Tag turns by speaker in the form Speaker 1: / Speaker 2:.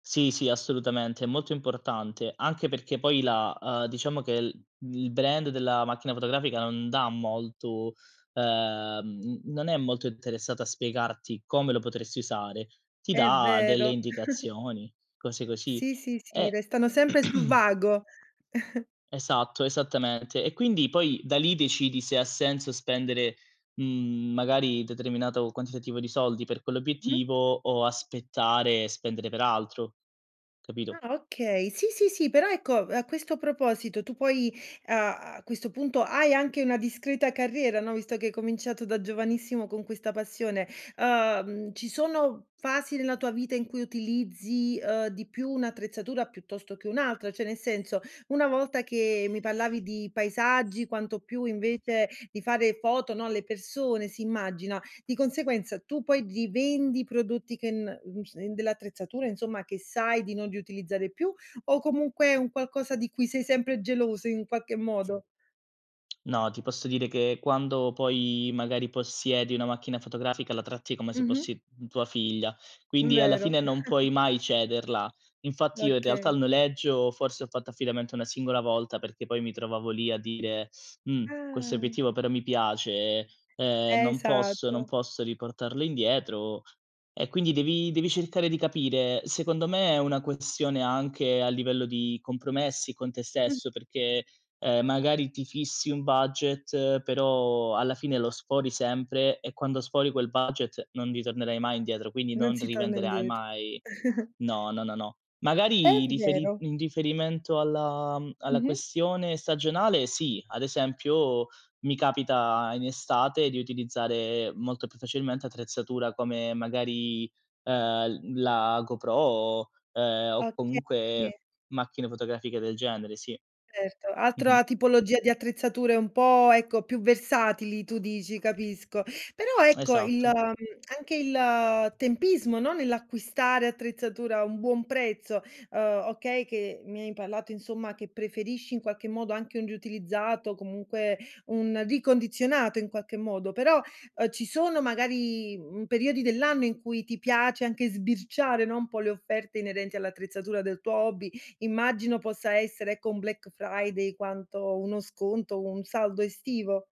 Speaker 1: Sì, sì, assolutamente, è molto importante. Anche perché poi la ehm, diciamo che l il brand della macchina fotografica non dà molto ehm, n non è molto interessato a spiegarti come lo potresti usare, ti
Speaker 2: È
Speaker 1: dà delle
Speaker 2: vero.
Speaker 1: indicazioni, cose così.
Speaker 2: Sì, sì, sì,
Speaker 1: E
Speaker 2: restano sempre sul vago.
Speaker 1: esatto, esattamente. E quindi poi da lì decidi se ha senso spendere, mhmm, magari determinato quantitativo di soldi per
Speaker 2: Mh.
Speaker 1: quell'obiettivo o aspettare e spendere per altro, capito?
Speaker 2: Ah, okay. Sì, sì, sì, però ecco, a questo proposito tu poi a a questo punto hai anche una discreta carriera, no? Visto che hai cominciato da giovanissimo con questa passione, uhm, ci sono fasi nella tua vita in cui utilizzi, ehm, di più un'attrezzatura piuttosto che un'altra? Cioè, nel senso, una volta che mi parlavi di paesaggi, quanto più invece di fare foto, no, alle persone si immagina, di conseguenza tu poi rivendi i prodotti che n mhmm, s in dell'attrezzatura insomma che sai di non riutilizzare più o comunque è un qualcosa di cui sei sempre geloso in qualche modo?
Speaker 1: No, ti posso dire che quando poi magari possiedi una macchina fotografica la tratti come se
Speaker 2: Mh-mh.
Speaker 1: fossi m tua figlia,
Speaker 2: M
Speaker 1: quindi alla fine
Speaker 2: vero.
Speaker 1: non puoi mai cederla. Infatti io in realtà
Speaker 2: Okay.
Speaker 1: il noleggio forse ho fatto affidamento una singola volta perché poi mi trovavo lì a dire, mhmm, questo
Speaker 2: Ah.
Speaker 1: obiettivo però mi piace, ehm, non posso non
Speaker 2: Esatto.
Speaker 1: posso riportarlo indietro. E quindi devi devi cercare di capire. Secondo me è una questione anche a livello di compromessi con te
Speaker 2: Mh.
Speaker 1: stesso, perché, ehm, magari ti fissi un budget, però alla fine lo sfori sempre e quando sfori quel budget non ritornerai mai indietro, quindi
Speaker 2: Non
Speaker 1: non
Speaker 2: si torna
Speaker 1: rivenderai
Speaker 2: indiet
Speaker 1: mai no, no, no, no.
Speaker 2: È
Speaker 1: Magari riferi
Speaker 2: vero.
Speaker 1: in riferimento alla mhmm, alla
Speaker 2: Mh-mh.
Speaker 1: questione stagionale sì, ad esempio mi capita in estate di utilizzare molto più facilmente attrezzatura come magari, ehm, l la GoPro, ehm, o
Speaker 2: Oka sì.
Speaker 1: comunque macchine fotografiche del genere, sì.
Speaker 2: Erto,
Speaker 1: Mh-mh.
Speaker 2: altra tipologia di attrezzature un po', ecco, più versatili tu dici, capisco. Però ecco il mhmm,
Speaker 1: Esatto.
Speaker 2: anche il tempismo, no, nell'acquistare attrezzatura a un buon prezzo, ehm, okay che mi hai parlato, insomma, che preferisci in qualche modo anche un riutilizzato, comunque un ricondizionato in qualche modo, però, ehm, ci sono magari, mhmm, periodi dell'anno in cui ti piace anche sbirciare, no, un po' le offerte inerenti all'attrezzatura del tuo hobby, immagino possa essere ecco un Black Friday quanto uno sconto, o un saldo estivo.